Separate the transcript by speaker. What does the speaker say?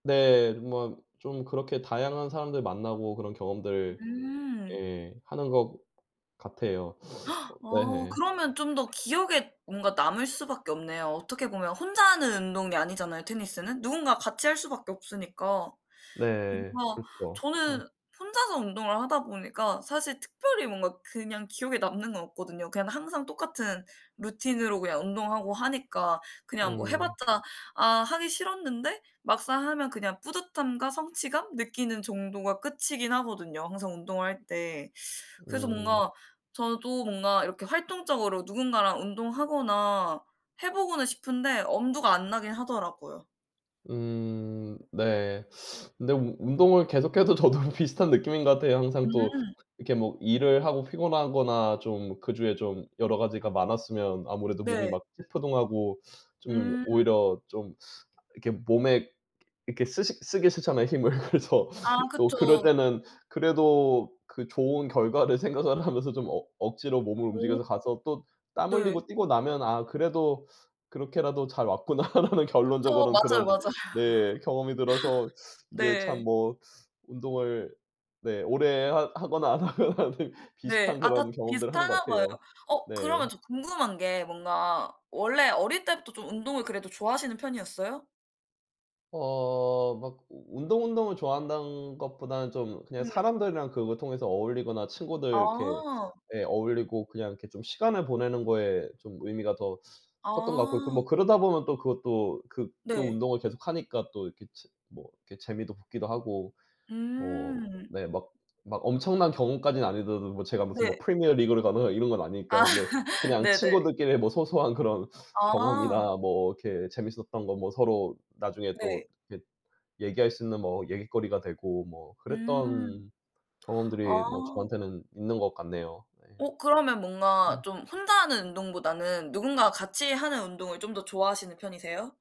Speaker 1: 네. 뭐 좀 그렇게 다양한 사람들 만나고 그런 경험들
Speaker 2: 음.
Speaker 1: 예 하는 것 같아요. 어
Speaker 2: 어
Speaker 1: 네.
Speaker 2: 그러면 좀 더 기억에 뭔가 남을 수밖에 없네요. 어떻게 보면 혼자 하는 운동이 아니잖아요 테니스는. 누군가 같이 할 수밖에 없으니까.
Speaker 1: 네.
Speaker 2: 뭔가
Speaker 1: 그렇죠. 아.
Speaker 2: 저는 혼자서 운동을 하다 보니까 사실 특별히 뭔가 그냥 기억에 남는 건 없거든요. 그냥 항상 똑같은 루틴으로 그냥 운동하고 하니까 그냥 뭐
Speaker 1: 음.
Speaker 2: 해봤자 아 하기 싫었는데 막상 하면 그냥 뿌듯함과 성취감 느끼는 정도가 끝이긴 하거든요 항상 운동할 때. 그래서
Speaker 1: 음.
Speaker 2: 뭔가 저도 뭔가 이렇게 활동적으로 누군가랑 운동하거나 해보고는 싶은데 엄두가 안 나긴 하더라고요.
Speaker 1: 음. 네. 근데 우 운동을 계속 해도 저도 비슷한 느낌인 거 같아요. 항상 또
Speaker 2: 음.
Speaker 1: 이렇게 뭐 일을 하고 피곤하거나 좀 그 주에 좀 여러 가지가 많았으면 아무래도 몸이
Speaker 2: 네.
Speaker 1: 막 찌뿌둥하고 좀
Speaker 2: 음.
Speaker 1: 오히려 좀 이렇게 몸에 이렇게 쓰식 쓰기 싫잖아요 힘을. 그래서
Speaker 2: 아.
Speaker 1: 또 그럴
Speaker 2: 그쵸.
Speaker 1: 때는 그래도 그 좋은 결과를 생각을 하면서 좀 억 억지로 몸을
Speaker 2: 오.
Speaker 1: 움직여서 가서 또 땀
Speaker 2: 네.
Speaker 1: 흘리고 뛰고 나면 '아 그래도 그렇게라도 잘 왔구나.'라는
Speaker 2: 그쵸.
Speaker 1: 결론적으로는
Speaker 2: 맞아요
Speaker 1: 그런
Speaker 2: 맞아요.
Speaker 1: 네. 경험이 들어서 이게 참
Speaker 2: 네.
Speaker 1: 뭐 운동을 네. 오래 하 하거나 안 하거나 비
Speaker 2: 네.
Speaker 1: 비슷한
Speaker 2: 아 다
Speaker 1: 그런 경험들을 하는 것
Speaker 2: 비슷하나 봐요.
Speaker 1: 같아요.
Speaker 2: 어
Speaker 1: 네.
Speaker 2: 그러면 저 궁금한 게 뭔가 원래 어릴 때부터 좀 운동을 그래도 좋아하시는 편이었어요?
Speaker 1: 어. 막 운동 운동을 좋아한다는 것보다는 좀 그냥
Speaker 2: 음.
Speaker 1: 사람들이랑 그걸 통해서 어울리거나 친구들 이렇게
Speaker 2: 아.
Speaker 1: 예. 어울리고 그냥 이렇게 좀 시간을 보내는 거에 좀 의미가 더 컸던 것 같고
Speaker 2: 아.
Speaker 1: 뭐 그러다 보면 또 그것도 그 그
Speaker 2: 네.
Speaker 1: 운동을 계속 하니까 또 이렇게 치 뭐 이렇게 재미도 붙기도 하고 뭐
Speaker 2: 음.
Speaker 1: 네. 막 막 엄청난 경험까지는 아니더라도 제가 무슨 뭐
Speaker 2: 네.
Speaker 1: 프리미어리그를 가거나 이런 건 아니니까.
Speaker 2: 아.
Speaker 1: 근데 그냥
Speaker 2: 네네.
Speaker 1: 친구들끼리 뭐 소소한 그런
Speaker 2: 아.
Speaker 1: 경험이나 뭐 이렇게 재밌었던 거 뭐 서로 나중에 또
Speaker 2: 네.
Speaker 1: 이렇게 얘기할 수 있는 뭐 얘깃거리가 되고 뭐
Speaker 2: 음.
Speaker 1: 그랬던
Speaker 2: 아.
Speaker 1: 경험들이 뭐 저한테는 있는 것 같네요. 네.
Speaker 2: 어 그러면 뭔가
Speaker 1: 네.
Speaker 2: 좀 혼자 하는 운동보다는 누군가가 같이 하는 운동을 좀 더 좋아하시는 편이세요?